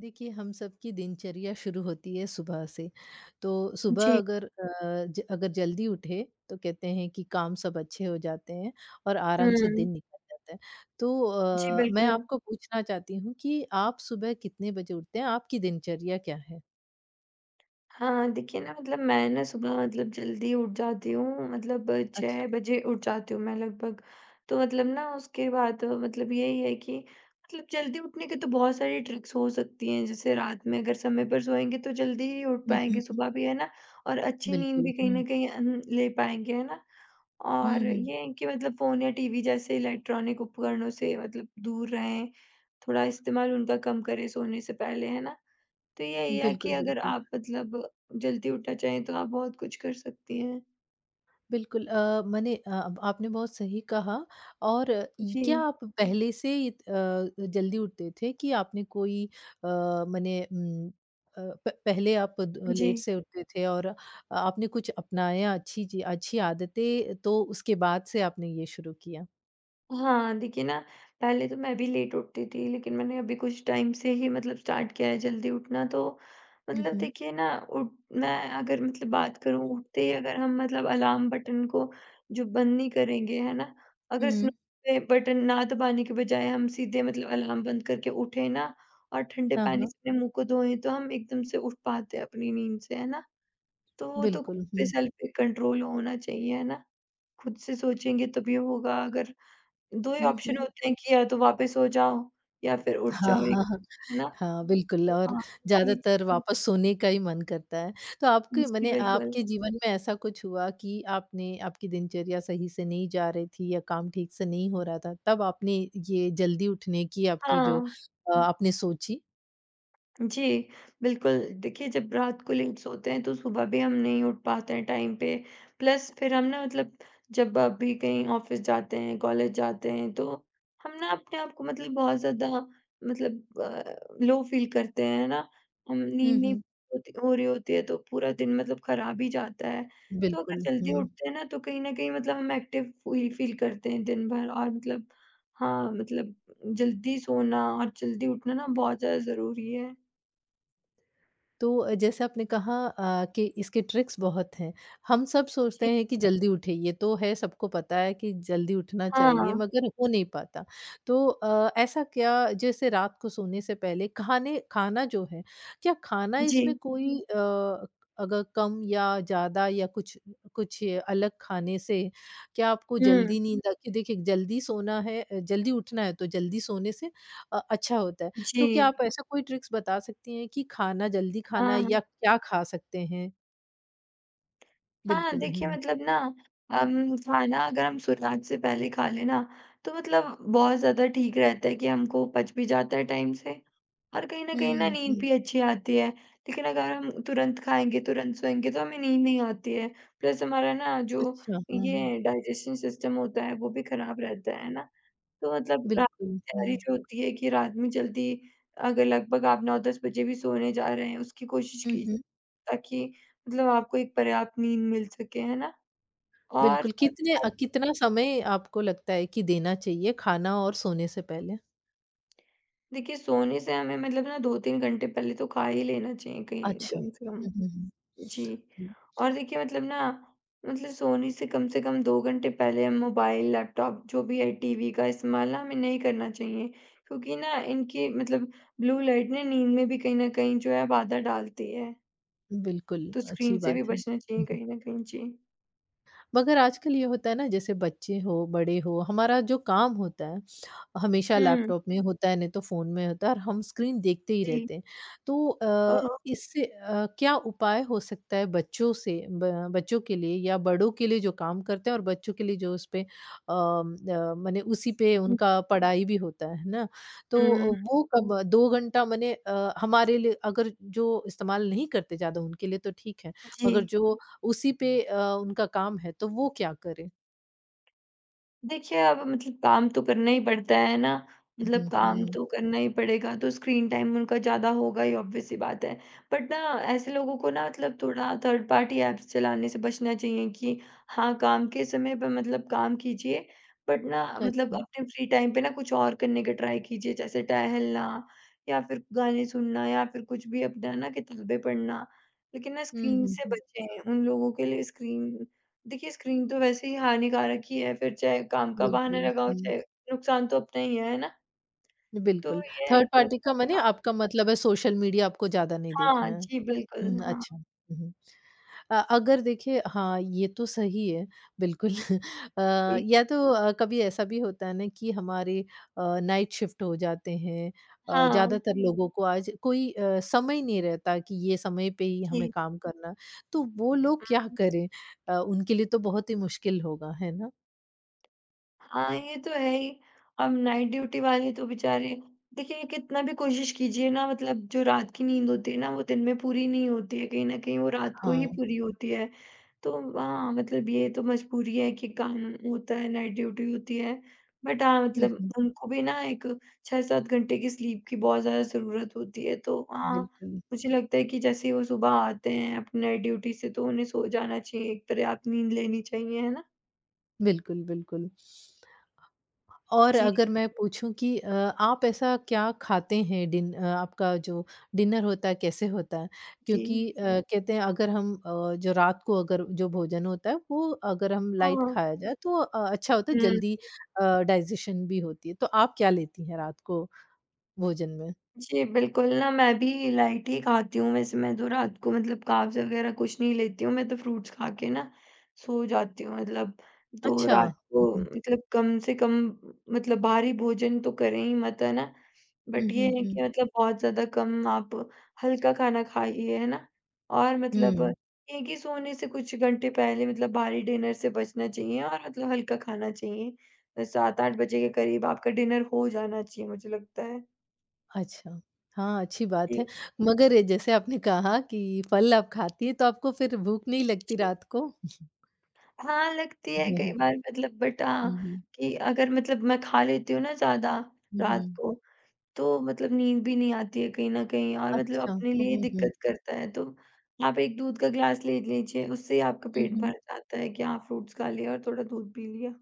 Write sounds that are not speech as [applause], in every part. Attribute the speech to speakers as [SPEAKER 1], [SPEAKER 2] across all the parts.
[SPEAKER 1] देखिए हम सबकी दिनचर्या शुरू होती है सुबह से, तो सुबह
[SPEAKER 2] जी।
[SPEAKER 1] अगर अ, ज अगर जल्दी उठे, तो कहते हैं कि काम सब अच्छे हो जाते हैं और आराम से
[SPEAKER 2] हुँ।
[SPEAKER 1] दिन निकल जाता हैं। तो
[SPEAKER 2] जी,
[SPEAKER 1] अ, मैं
[SPEAKER 2] बिल्कुल।
[SPEAKER 1] आपको पूछना चाहती हूँ कि आप सुबह कितने बजे उठते हैं? आपकी दिनचर्या क्या है?
[SPEAKER 2] हाँ, हाँ। देखिए ना मतलब मैं ना सुबह मतलब जल्दी उठ जाती हूँ मतलब
[SPEAKER 1] अच्छा।
[SPEAKER 2] 6 बजे उठ जाती हूँ मैं लगभग। तो मतलब ना उसके बाद मतलब यही है कि मतल जल्दी उठने के तो बहुत सारी ट्रिक्स हो सकती हैं, जैसे रात में अगर समय पर सोएँगे तो जल्दी ही उठ
[SPEAKER 1] हुँ, हुँ,
[SPEAKER 2] पाएँगे
[SPEAKER 1] हुँ।
[SPEAKER 2] सुबह भी, है ना? और अच्छी नींद
[SPEAKER 1] बिल्कुल,
[SPEAKER 2] भी कहीं
[SPEAKER 1] हुँ।
[SPEAKER 2] न कहीं हुँ, हुँ, ले पाएँगे, है ना?
[SPEAKER 1] हुँ,
[SPEAKER 2] और
[SPEAKER 1] हुँ।
[SPEAKER 2] ये है कि मतलब फ़ोन या टीवी जैसे इलेक्ट्रॉनिक उपकरणों से मतलब दूर रहें, थोड़ा इस्तेमाल उनका कम करें सोने से पहले, है ना? तो यही है कि
[SPEAKER 1] बिल्कुल,
[SPEAKER 2] अगर
[SPEAKER 1] बिल्कुल।
[SPEAKER 2] आप मतलब जल्दी उठना चाहें तो आप बहुत कुछ कर सकती हैं।
[SPEAKER 1] बिल्कुल अ, मने अ, ब आपने बहुत सही कहा और ई क्या
[SPEAKER 2] जी।
[SPEAKER 1] आप पहले से इत अ, अ, जल्दी उठते थे कि आपने कोई अ, मने उम, अ, प पहले आप द लेट
[SPEAKER 2] जी।
[SPEAKER 1] से उठते थे और अ, आपने कुछ अपनाया अच्छी ची अच्छी आदतें तो उसके बाद से आपने ये शुरू किया?
[SPEAKER 2] हाँ, देखिए ना, पहले तो मैं भी लेट उठती थी, लेकिन मैंने अभी कुछ टाइम से ही मतलब स्टार्ट किया है, जल्दी उठना तो,
[SPEAKER 1] हुँ,
[SPEAKER 2] मतलब
[SPEAKER 1] हुँ।
[SPEAKER 2] देखिए ना उठ मैं अगर मतलब बात करूँ उठते ही अगर हम मतलब अलार्म बटन को जो बंद नहीं करेंगे, है ना? अगर
[SPEAKER 1] हुँ।
[SPEAKER 2] [unintelligible] पे बटन ना दबाने के बजाय हम सीधे मतलब अलार्म बंद करके उठें ना और ठंडे
[SPEAKER 1] हाँ,
[SPEAKER 2] पानी
[SPEAKER 1] हाँ।
[SPEAKER 2] से अपने मुँह को धोएँ तो हम एकदम से उठ पाते हैं अपनी नींद से, है ना? तो वो तो खुद
[SPEAKER 1] बिल्कुल,
[SPEAKER 2] पे
[SPEAKER 1] हुँ।
[SPEAKER 2] सेल्फ पे कंट्रोल होना चाहिए, है ना? खुद से सोचेंगे तभी होगा अगर 2 ही
[SPEAKER 1] हुँ,
[SPEAKER 2] ऑप्शन
[SPEAKER 1] हुँ।
[SPEAKER 2] होते हैं कि या तो वापस सो जाओ, या फिर उठ
[SPEAKER 1] हाँ,
[SPEAKER 2] जाओ एक
[SPEAKER 1] हाँ, हाँ।
[SPEAKER 2] से, है ना?
[SPEAKER 1] हाँ, बिल्कुल
[SPEAKER 2] तो
[SPEAKER 1] और
[SPEAKER 2] हाँ।
[SPEAKER 1] ज़्यादातर
[SPEAKER 2] [unintelligible]
[SPEAKER 1] वापस सोने का ही मन करता है। तो
[SPEAKER 2] हुँ,
[SPEAKER 1] आपके
[SPEAKER 2] जी,
[SPEAKER 1] मने
[SPEAKER 2] बिल्कुल।
[SPEAKER 1] आपके जीवन में ऐसा कुछ हुआ कि आपने आपकी दिनचर्या सही से नहीं जा रही थी या काम ठीक से नहीं हो रहा था, तब आपने ये जल्दी उठने की आपकी जो
[SPEAKER 2] हाँ।
[SPEAKER 1] अ, आपने सोची?
[SPEAKER 2] जी, बिल्कुल। देखिए जब रात को लेट सोते हैं तो सुबह भी हम नहीं उठ पाते हैं टाइम पे। प्लस फिर हम ना मतलब जब आप भी कहीं ऑफिस जाते हैं, कॉलेज जाते हैं तो, हम ना अपने आप को मतलब बहुत ज़्यादा मतलब अ, लो फ़ील करते हैं, है ना? हम
[SPEAKER 1] हुँ,
[SPEAKER 2] नींद नहीं
[SPEAKER 1] हुँ।
[SPEAKER 2] होती हो रही होती है तो पूरा दिन मतलब खराब ही जाता है, तो अगर
[SPEAKER 1] बिल्कुल,
[SPEAKER 2] जल्दी
[SPEAKER 1] हुँ।
[SPEAKER 2] उठते हैं ना तो कहीं न कहीं मतलब हम एक्टिव फ़ी फ़ील करते हैं दिन भर और मतलब हाँ, मतलब जल्दी सोना और जल्दी उठना ना बहुत ज़्यादा ज़रूरी है।
[SPEAKER 1] तो अ, जैसे आपने कहा अ, कि इसके ट्रिक्स बहुत हैं, हम सब
[SPEAKER 2] जी।
[SPEAKER 1] सोचते हैं कि जल्दी उठें, ये तो है सबको पता है कि जल्दी उठना
[SPEAKER 2] हाँ,
[SPEAKER 1] चाहिए,
[SPEAKER 2] हाँ।
[SPEAKER 1] मगर हो नहीं पाता। तो अ, ऐसा क्या जैसे रात को सोने से पहले खाने खाना जो है, क्या खाना इसमें
[SPEAKER 2] जी।
[SPEAKER 1] कोई अ, अगर कम या ज़्यादा या कुछ कुछ अलग खाने से क्या आपको जल्दी
[SPEAKER 2] हुँ।
[SPEAKER 1] नींद आती है? देखिए जल्दी सोना है अ, जल्दी उठना है, तो जल्दी सोने से अ, अच्छा होता है, तो क्या
[SPEAKER 2] जी।
[SPEAKER 1] आप ऐसा कोई ट्रिक्स बता सकती हैं कि खाना जल्दी खाना है
[SPEAKER 2] हाँ।
[SPEAKER 1] या क्या खा सकते हैं?
[SPEAKER 2] हाँ,
[SPEAKER 1] बिल्कुल, हुँ,
[SPEAKER 2] देखिए
[SPEAKER 1] हुँ।
[SPEAKER 2] मतलब ना अम, खाना अगर हम सूर्यास्त से पहले खा ले ना, तो मतलब बहुत ज़्यादा ठीक रहता है कि हमको पच भी जाता है टाइम से। और कहीं न कहीं, ना
[SPEAKER 1] हुँ,
[SPEAKER 2] नींद
[SPEAKER 1] हुँ।
[SPEAKER 2] भी अच्छी आती है, लेकिन अगर हम तुरंत खाएँगे, तुरंत सोएँगे, तो हमें नींद नहीं आती है। प्लस हमारा ना जो
[SPEAKER 1] अच्छा, हाँ।
[SPEAKER 2] ये डाइजेशन सिस्टम होता है वो भी खराब रहता है, है ना? तो मतलब रात
[SPEAKER 1] बिल्कुल,
[SPEAKER 2] कि
[SPEAKER 1] हुँ।
[SPEAKER 2] तैयारी जो होती है कि रात में जल्दी अगर लगभग आप 9-10 बजे भी सोने जा रहे हैं उसकी कोशिश
[SPEAKER 1] हुँ,
[SPEAKER 2] की
[SPEAKER 1] हुँ।
[SPEAKER 2] ताकि, मतलब आपको एक पर्याप्त नींद मिल सके, है ना? और
[SPEAKER 1] बिल्कुल,
[SPEAKER 2] साथ ही
[SPEAKER 1] कितने
[SPEAKER 2] साथ
[SPEAKER 1] अ, कितना समय आपको लगता है कि देना चाहिए खाना और सोने से पहले?
[SPEAKER 2] देखिए सोने से हमें मतलब ना 2-3 घंटे पहले तो ख़ा ही लेना चाहिए कहीं
[SPEAKER 1] अच्छा,
[SPEAKER 2] कम से कम,
[SPEAKER 1] हुँ, हुँ, हुँ।
[SPEAKER 2] जी।
[SPEAKER 1] हुँ।
[SPEAKER 2] और देखिए मतलब ना, मतलब सोने से कम से कम 2 घंटे पहले हम मोबाइल, लैपटॉप जो भी है टीवी का इस्तेमाल ना हमें नहीं करना चाहिए, क्योंकि ना इनकी मतलब ब्लू लाइट ने नींद में भी कहीं न कहीं जो है बाधा डालती है।
[SPEAKER 1] बिल्कुल,
[SPEAKER 2] तो स्क्रीन
[SPEAKER 1] अच्छी
[SPEAKER 2] से भी
[SPEAKER 1] बात है।
[SPEAKER 2] बचना चाहिए
[SPEAKER 1] हुँ, हुँ।
[SPEAKER 2] कहीं न कहीं। जी।
[SPEAKER 1] मगर आजकल ये होता है ना, जैसे बच्चे हों, बड़े हों, हमारा जो काम होता है, हमेशा
[SPEAKER 2] हुँ।
[SPEAKER 1] लैपटॉप में होता है नहीं तो फ़ोन में होता है और हम स्क्रीन देखते ही
[SPEAKER 2] जी।
[SPEAKER 1] रहते हैं। तो
[SPEAKER 2] हाँ,
[SPEAKER 1] अ,
[SPEAKER 2] हाँ।
[SPEAKER 1] इससे अ, क्या उपाय हो सकता है बच्चों से ब बच्चों के लिए या बड़ों के लिए जो काम करते हैं और बच्चों के लिए जो उसपे अ अ, माने उसी पे
[SPEAKER 2] हुँ।
[SPEAKER 1] उनका पढ़ाई भी होता है, है ना?
[SPEAKER 2] हुँ।
[SPEAKER 1] तो वो कब 2 घंटा माने अ, हमारे लिए अगर जो इस्तेमाल नहीं करते ज़्यादा उनके लिए तो ठीक है मगर
[SPEAKER 2] जी।
[SPEAKER 1] जो उसी पे अ, उनका काम है, तो वो क्या करें?
[SPEAKER 2] देखिए अब मतलब काम तो करना ही पड़ता है, है ना? मतलब
[SPEAKER 1] हुँ,
[SPEAKER 2] काम
[SPEAKER 1] हुँ।
[SPEAKER 2] तो करना ही पड़ेगा तो स्क्रीन टाइम उनका ज़्यादा होगा ही ऑब्वियस ही बात है। बट ना ऐसे लोगों को ना मतलब थोड़ा थर्ड पार्टी ऐप्स चलाने से बचना चाहिए कि हाँ, काम के समय पे मतलब काम कीजिए। बट ना मतलब
[SPEAKER 1] अच्छा।
[SPEAKER 2] अपने फ्री टाइम पे ना कुछ और करने का ट्राई कीजिए, जैसे टहलना या फ़िर गाने सुनना या फ़िर कुछ भी अपना है ना किताबें पढ़ना लेक़िन ना
[SPEAKER 1] हुँ,
[SPEAKER 2] स्क्रीन
[SPEAKER 1] हुँ,
[SPEAKER 2] से
[SPEAKER 1] हुँ।
[SPEAKER 2] बचें, उन लोगों के लिए स्क्रीन देखिए स्क्रीन तो वैसे ही हानिकारक ही है, फ़िर चाहे काम का बहाना
[SPEAKER 1] बिल्कुल,
[SPEAKER 2] लगाओ
[SPEAKER 1] हुँ।
[SPEAKER 2] चाहे नुकसान तो अपना ही, है ना? तो
[SPEAKER 1] बिल्कुल,
[SPEAKER 2] ये है कि
[SPEAKER 1] थर्ड पार्टी का माने
[SPEAKER 2] [unintelligible]
[SPEAKER 1] आपका मतलब है सोशल मीडिया आपको ज़्यादा नहीं
[SPEAKER 2] हाँ,
[SPEAKER 1] देखना।
[SPEAKER 2] जी,
[SPEAKER 1] हुँ,
[SPEAKER 2] बिल्कुल। हाँ।
[SPEAKER 1] अच्छा, हुँ, हुँ। अ, अगर देखिए हाँ, ये तो सही है बिल्कुल अ,
[SPEAKER 2] जी।
[SPEAKER 1] या तो अ, कभी ऐसा भी होता है ना कि हमारे अ, नाइट शिफ्ट हो जाते हैं अ,
[SPEAKER 2] हाँ।
[SPEAKER 1] ज़्यादातर लोगों को आज कोई अ, समय नहीं रहता कि ये समय पे ही हमें
[SPEAKER 2] जी।
[SPEAKER 1] काम करना, तो वो लोग क्या
[SPEAKER 2] हुँ।
[SPEAKER 1] करें? अ, उनके लिए तो बहुत ही मुश्किल होगा, है ना?
[SPEAKER 2] हाँ, ये तो है ही। अब नाइट ड्यूटी वाले तो बेचारे देखिए, कितना भी कोशिश कीजिए ना मतलब जो रात की नींद होती है ना, वो दिन में पूरी नहीं होती है, कहीं न कहीं वो रात को ही
[SPEAKER 1] हाँ।
[SPEAKER 2] पूरी होती है। तो हाँ, मतलब ये तो मजबूरी है कि काम होता है, नाइट ड्यूटी होती है। बट हाँ,
[SPEAKER 1] हुँ,
[SPEAKER 2] मतलब
[SPEAKER 1] हुँ।
[SPEAKER 2] उनको भी ना एक 6-7 घंटे की स्लीप की बहुत ज़्यादा ज़रूरत होती है तो हाँ,
[SPEAKER 1] बिल्कुल।
[SPEAKER 2] मुझे लगता है कि जैसे ही वो सुबह आते हैं अपने नाइट ड्यूटी से तो उन्हें सो जाना चाहिए एक तरह आप नींद लेनी चाहिए, है ना?
[SPEAKER 1] बिल्कुल, बिल्कुल। और
[SPEAKER 2] जी।
[SPEAKER 1] अगर मैं पूछूँ कि अ, आप ऐसा क्या खाते हैं डिन अ, आपका जो डिनर होता है कैसे होता है? क्योंकि
[SPEAKER 2] जी।
[SPEAKER 1] अ, कहते हैं अगर हम अ, जो रात को अगर जो भोजन होता है वो अगर हम लाइट
[SPEAKER 2] हाँ।
[SPEAKER 1] खाया जाए तो अ, अच्छा होता है जल्दी
[SPEAKER 2] हुँ।
[SPEAKER 1] अ डाइजेशन भी होती है। तो आप क्या लेती हैं रात को, भोजन में?
[SPEAKER 2] जी, बिल्कुल, ना मैं भी लाइट ही खाती हूँ वैसे मैं जो रात को मतलब कार्ब्स वगैरह कुछ नहीं लेती हूँ मैं तो फ्रूट्स खा के ना, सो जाती हूँ मतलब तो
[SPEAKER 1] अच्छा।
[SPEAKER 2] रात को मतलब कम से कम मतलब भारी भोजन तो करें ही मत, है ना?
[SPEAKER 1] हुँ,
[SPEAKER 2] बट ये
[SPEAKER 1] हुँ,
[SPEAKER 2] है
[SPEAKER 1] हुँ।
[SPEAKER 2] कि मतलब बहुत ज़्यादा कम आप हल्का खाना खाइए, है ना? और मतलब
[SPEAKER 1] हुँ।
[SPEAKER 2] ये ही सोने से कुछ घंटे पहले मतलब भारी डिनर से बचना चाहिए और मतलब हल्का खाना चाहिए, 7-8 बजे के करीब आपका डिनर हो जाना चाहिए मुझे लगता है।
[SPEAKER 1] अच्छा हाँ, अच्छी बात है
[SPEAKER 2] जी।
[SPEAKER 1] मगर ये जैसे आपने कहा कि फल आप खाती हैं तो आपको फिर भूख नहीं लगती
[SPEAKER 2] जी।
[SPEAKER 1] रात को?
[SPEAKER 2] हाँ, लगती है
[SPEAKER 1] हुँ,
[SPEAKER 2] कई
[SPEAKER 1] हुँ।
[SPEAKER 2] बार मतलब बट अ,
[SPEAKER 1] हुँ, हुँ।
[SPEAKER 2] कि अगर मतलब मैं खा लेती हूँ ना ज़्यादा
[SPEAKER 1] हुँ,
[SPEAKER 2] रात
[SPEAKER 1] हुँ।
[SPEAKER 2] को, तो मतलब नींद भी नहीं आती है कहीं न कहीं और मतलब
[SPEAKER 1] अच्छा,
[SPEAKER 2] अपने
[SPEAKER 1] हुँ,
[SPEAKER 2] लिए
[SPEAKER 1] हुँ, हुँ।
[SPEAKER 2] दिक्कत करता है तो, आप एक दूध का ग्लास ले लीजिए, उससे ही आपका
[SPEAKER 1] हुँ,
[SPEAKER 2] पेट
[SPEAKER 1] हुँ।
[SPEAKER 2] भर जाता है कि हाँ, फ्रूट्स खा लिया और थोड़ा दूध पी लिया।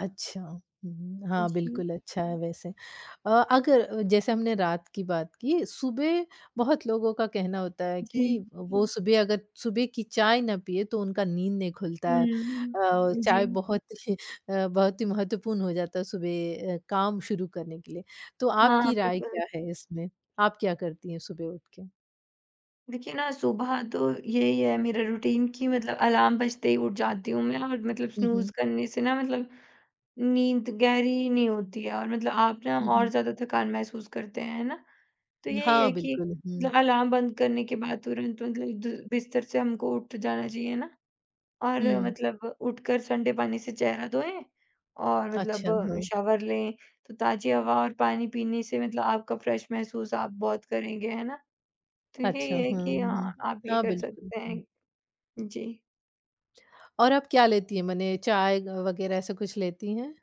[SPEAKER 1] अच्छा, हुँ, हाँ
[SPEAKER 2] जी।
[SPEAKER 1] बिल्कुल अच्छा है वैसे अ, अगर जैसे हमने रात की बात की सुबह, बहुत लोगों का कहना होता है कि
[SPEAKER 2] जी।
[SPEAKER 1] वो सुबह अगर सुबह की चाय ना पीएँ तो उनका नींद नहीं खुलता है
[SPEAKER 2] हुँ,
[SPEAKER 1] अ, चाय
[SPEAKER 2] जी।
[SPEAKER 1] बहुत [chuckles] अ, बहुत ही महत्वपूर्ण हो जाता है सुबह अ, काम शुरू करने के लिए, तो
[SPEAKER 2] हाँ,
[SPEAKER 1] आपकी राय
[SPEAKER 2] बिल्कुल।
[SPEAKER 1] क्या है इसमें? आप क्या करती हैं सुबह उठ के?
[SPEAKER 2] देखिए ना, सुबह तो यही है मेरा रूटीन कि मतलब अलार्म बजते ही उठ जाती हूँ मैं और मतलब
[SPEAKER 1] हुँ, हुँ।
[SPEAKER 2] स्नूज़ करने से ना मतलब नींद गहरी नहीं होती है और मतलब आप ना
[SPEAKER 1] हुँ,
[SPEAKER 2] और
[SPEAKER 1] हुँ।
[SPEAKER 2] ज़्यादा थकान महसूस करते हैं, है ना? तो यही
[SPEAKER 1] हाँ,
[SPEAKER 2] है कि,
[SPEAKER 1] बिल्कुल, हुँ।
[SPEAKER 2] मतलब अलार्म बंद करने के बाद तुरंत मतलब द बिस्तर से हमको उठ जाना चाहिए ना, और
[SPEAKER 1] हुँ।
[SPEAKER 2] मतलब उठकर ठंडे पानी से चेहरा धोएँ और
[SPEAKER 1] अच्छा,
[SPEAKER 2] मतलब
[SPEAKER 1] हाँ।
[SPEAKER 2] शावर लें, तो ताज़ी हवा और पानी पीने से मतलब आपका फ्रेश महसूस आप बहुत करेंगे है ना? ठीक है,
[SPEAKER 1] अच्छा,
[SPEAKER 2] ये है
[SPEAKER 1] हाँ
[SPEAKER 2] कि
[SPEAKER 1] हुँ,
[SPEAKER 2] हाँ, आप ये
[SPEAKER 1] हाँ,
[SPEAKER 2] कर
[SPEAKER 1] बिल्कुल।
[SPEAKER 2] सकते
[SPEAKER 1] हूँ।
[SPEAKER 2] हैं, जी।
[SPEAKER 1] और आप क्या लेती हैं मने चाय अ, वगैरह ऐसा कुछ लेती हैं?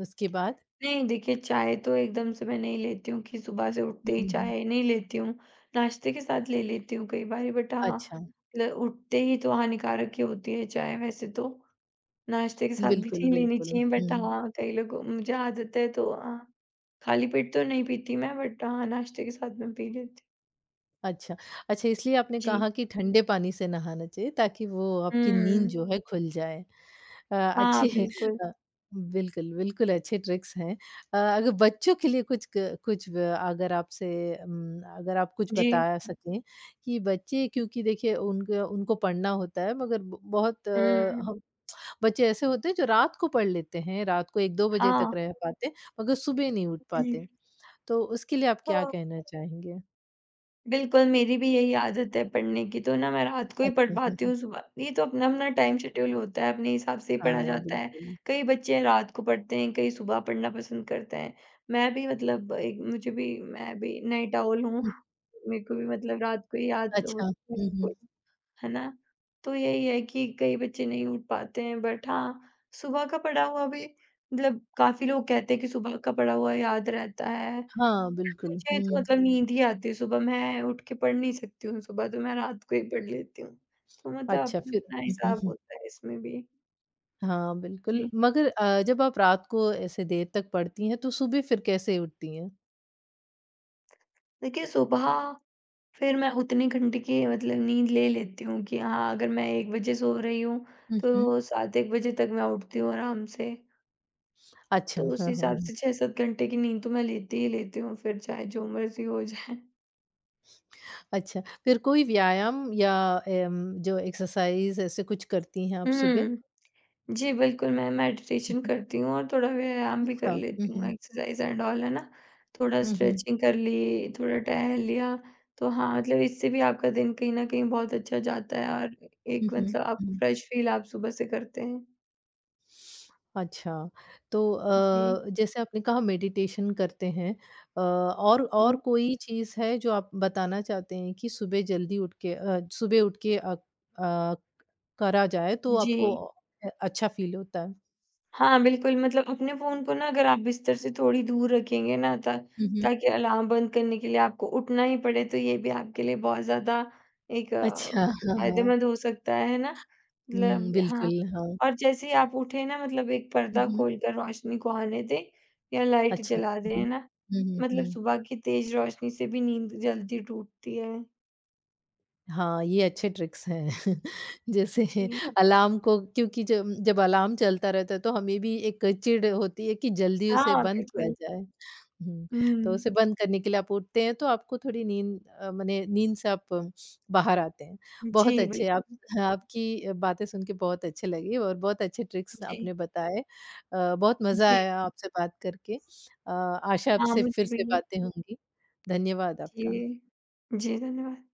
[SPEAKER 1] उसके बाद?
[SPEAKER 2] नहीं देखिए चाय तो एकदम से मैं नहीं लेती हूँ कि सुबह से उठते
[SPEAKER 1] हुँ,
[SPEAKER 2] ही
[SPEAKER 1] हुँ, हुँ।
[SPEAKER 2] चाय नहीं लेती हूँ, नाश्ते के साथ ले लेती हूँ कई बारी बट हाँ,
[SPEAKER 1] अच्छा।
[SPEAKER 2] ल उठते ही तो हानिकारक ही होती है चाहे वैसे तो। नाश्ते के साथ भी
[SPEAKER 1] बिल्कुल,
[SPEAKER 2] नहीं लेनी
[SPEAKER 1] बिल्कुल।
[SPEAKER 2] चाहिए बट
[SPEAKER 1] हुँ।
[SPEAKER 2] हाँ, कई लोगों मुझे आदत है तो हाँ, खाली पेट तो नहीं पीती मैं बट हाँ, नाश्ते के साथ में पी लेती।
[SPEAKER 1] अच्छा। अच्छा, इसलिए आपने
[SPEAKER 2] जी।
[SPEAKER 1] कहा कि ठंडे पानी से नहाना चाहिए ताकि वो आपकी नींद
[SPEAKER 2] हुँ।
[SPEAKER 1] जो है खुल जाए। अ,
[SPEAKER 2] हाँ,
[SPEAKER 1] अच्छी
[SPEAKER 2] बिल्कुल।
[SPEAKER 1] अ, बिल्कुल, बिल्कुल अच्छे ट्रिक्स हैं अ, अगर बच्चों के लिए कुछ, क कुछ व अगर आपसे उम, अगर आप कुछ
[SPEAKER 2] जी।
[SPEAKER 1] बताया सकें, कि बच्चे क्योंकि देखिए उनके उनको पढ़ना होता है मगर ब बहुत
[SPEAKER 2] हुँ।
[SPEAKER 1] हम बच्चे ऐसे होते हैं जो रात को पढ़ लेते हैं, रात को 1-2 बजे तक
[SPEAKER 2] हाँ।
[SPEAKER 1] रह पाते, मगर सुबह नहीं उठ पाते।
[SPEAKER 2] जी।
[SPEAKER 1] तो उसके लिए आप क्या
[SPEAKER 2] हाँ।
[SPEAKER 1] कहना चाहेंगे?
[SPEAKER 2] बिल्कुल, मेरी भी यही आदत है पढ़ने की तो ना मैं रात को ही पढ़
[SPEAKER 1] अच्छा।
[SPEAKER 2] पाती
[SPEAKER 1] [chuckles]
[SPEAKER 2] हूँ सुबह ये तो अपना-अपना टाइम शेड्यूल होता है अपने हिसाब से ही पढ़ा
[SPEAKER 1] हाँ,
[SPEAKER 2] जाता है।
[SPEAKER 1] बिल्कुल।
[SPEAKER 2] कई बच्चे रात को पढ़ते हैं, कई सुबह पढ़ना पसंद करते हैं, मैं भी मतलब एक मुझे भी मैं भी नाइट आउल हूँ,
[SPEAKER 1] हुँ।
[SPEAKER 2] मेरे को भी मतलब रात को ही याद
[SPEAKER 1] अच्छा।
[SPEAKER 2] होती
[SPEAKER 1] हुँ,
[SPEAKER 2] है
[SPEAKER 1] हुँ।
[SPEAKER 2] कोई है ना? तो यही है कि कई बच्चे नहीं उठ पाते हैं बट हाँ, सुबह का पढ़ा हुआ भी मतलब काफ़ी लोग कहते हैं कि सुबह का पढ़ा हुआ याद रहता है।
[SPEAKER 1] हाँ, बिल्कुल।
[SPEAKER 2] मुझे तो
[SPEAKER 1] हुँ।
[SPEAKER 2] मतलब नींद ही आती है सुबह, मैं उठ के पढ़ नहीं सकती हूँ सुबह तो मैं रात को ही पढ़ लेती हूँ, तो मतलब
[SPEAKER 1] अच्छा फिर?
[SPEAKER 2] अपना-अपना हिसाब
[SPEAKER 1] [chuckles]
[SPEAKER 2] होता है इसमें भी।
[SPEAKER 1] हाँ, बिल्कुल।
[SPEAKER 2] जी।
[SPEAKER 1] मगर अ, जब आप रात को ऐसे देर तक पढ़ती हैं, तो सुबह फिर कैसे उठती हैं?
[SPEAKER 2] देखिए सुबह, फिर मैं उतनी घंटे की मतलब नींद ले लेती हूँ कि हाँ, अगर मैं 1 बजे सो रही हूँ,
[SPEAKER 1] हुँ, हुँ।
[SPEAKER 2] तो 7 एक बजे तक मैं उठती हूँ आराम से।
[SPEAKER 1] अच्छा,
[SPEAKER 2] तो उस
[SPEAKER 1] हाँ, हाँ,
[SPEAKER 2] हिसाब
[SPEAKER 1] हाँ।
[SPEAKER 2] से 6-7 घंटे की नींद तो मैं लेती ही लेती हूँ, फिर चाहे जो मर्ज़ी हो जाए।
[SPEAKER 1] अच्छा, फिर कोई व्यायाम या अ अम, जो एक्सरसाइज़ ऐसे कुछ करती हैं आप सुबह?
[SPEAKER 2] हुँ। जी, बिल्कुल, मैं
[SPEAKER 1] हुँ,
[SPEAKER 2] मेडिटेशन
[SPEAKER 1] हुँ।
[SPEAKER 2] करती हूँ और थोड़ा व्यायाम भी कर
[SPEAKER 1] अच्छा, हुँ,
[SPEAKER 2] लेती हूँ,
[SPEAKER 1] हुँ।
[SPEAKER 2] एक्सरसाइज एंड ऑल, है ना? थोड़ा
[SPEAKER 1] हुँ, हुँ।
[SPEAKER 2] स्ट्रेचिंग कर ली, थोड़ा टहल लिया, तो हाँ, मतलब इससे भी आपका दिन कहीं न कहीं बहुत अच्छा जाता है और
[SPEAKER 1] हुँ,
[SPEAKER 2] एक
[SPEAKER 1] हुँ,
[SPEAKER 2] मतलब आप
[SPEAKER 1] हुँ।
[SPEAKER 2] फ्रेश फील आप सुबह से करते हैं।
[SPEAKER 1] अच्छा। तो
[SPEAKER 2] जी।
[SPEAKER 1] अ, जैसे आपने कहा मेडिटेशन करते हैं अ, और और
[SPEAKER 2] हुँ।
[SPEAKER 1] कोई चीज़ है जो आप बताना चाहते हैं कि सुबह जल्दी उठ के अ, सुबह उठ के अ अ, करा जाए तो आपको
[SPEAKER 2] जी।
[SPEAKER 1] अ, अ, अच्छा फील होता है?
[SPEAKER 2] हाँ, बिल्कुल, मतलब अपने फ़ोन को ना अगर आप बिस्तर से थोड़ी दूर रखेंगे ना ता
[SPEAKER 1] हुँ, हुँ।
[SPEAKER 2] ताकि अलार्म बंद करने के लिए आपको उठना ही पड़े, तो ये भी आपके लिए बहुत ज़्यादा एक अ,
[SPEAKER 1] अच्छा, हाँ, हाँ।
[SPEAKER 2] फायदेमंद हो सकता है, है ना?
[SPEAKER 1] हुँ,
[SPEAKER 2] मतलब हाँ।
[SPEAKER 1] बिल्कुल, हाँ।
[SPEAKER 2] और जैसे ही आप उठे ना मतलब 1
[SPEAKER 1] हुँ,
[SPEAKER 2] पर्दा
[SPEAKER 1] हुँ।
[SPEAKER 2] खोलकर रोशनी को आने दें, या लाइट
[SPEAKER 1] अच्छा,
[SPEAKER 2] जला दें,
[SPEAKER 1] हुँ
[SPEAKER 2] है
[SPEAKER 1] हुँ।
[SPEAKER 2] ना?
[SPEAKER 1] हुँ, हुँ,
[SPEAKER 2] मतलब
[SPEAKER 1] हुँ।
[SPEAKER 2] सुबह की तेज़ रोशनी से भी नींद जल्दी टूटती है।
[SPEAKER 1] हाँ, ये अच्छे ट्रिक्स हैं। [chuckles] जैसे
[SPEAKER 2] जी।
[SPEAKER 1] अलार्म को क्योंकि जम जब अलार्म चलता रहता है, तो हमें भी एक चिढ़ होती है कि जल्दी उसे
[SPEAKER 2] हाँ,
[SPEAKER 1] बंद किया
[SPEAKER 2] बिल्कुल।
[SPEAKER 1] जाए। हुँ, तो उसे
[SPEAKER 2] हुँ।
[SPEAKER 1] बंद करने के लिए आप उठते हैं तो आपको थोड़ी नींद अ, मने नींद से आप बाहर आते हैं। बहुत
[SPEAKER 2] जी,
[SPEAKER 1] अच्छे आप
[SPEAKER 2] बिल्कुल।
[SPEAKER 1] आपकी अ, बातें सुन के बहुत अच्छे लगीं और बहुत अच्छे ट्रिक्स
[SPEAKER 2] जी।
[SPEAKER 1] आपने बताए अ, बहुत मज़ा
[SPEAKER 2] जी।
[SPEAKER 1] आया आपसे बात करके। अ, आशा है
[SPEAKER 2] हाँ,
[SPEAKER 1] आपसे फिर
[SPEAKER 2] मुझे
[SPEAKER 1] से
[SPEAKER 2] भी।
[SPEAKER 1] बातें होंगी, धन्यवाद आपका।
[SPEAKER 2] जी। जी धन्यवाद।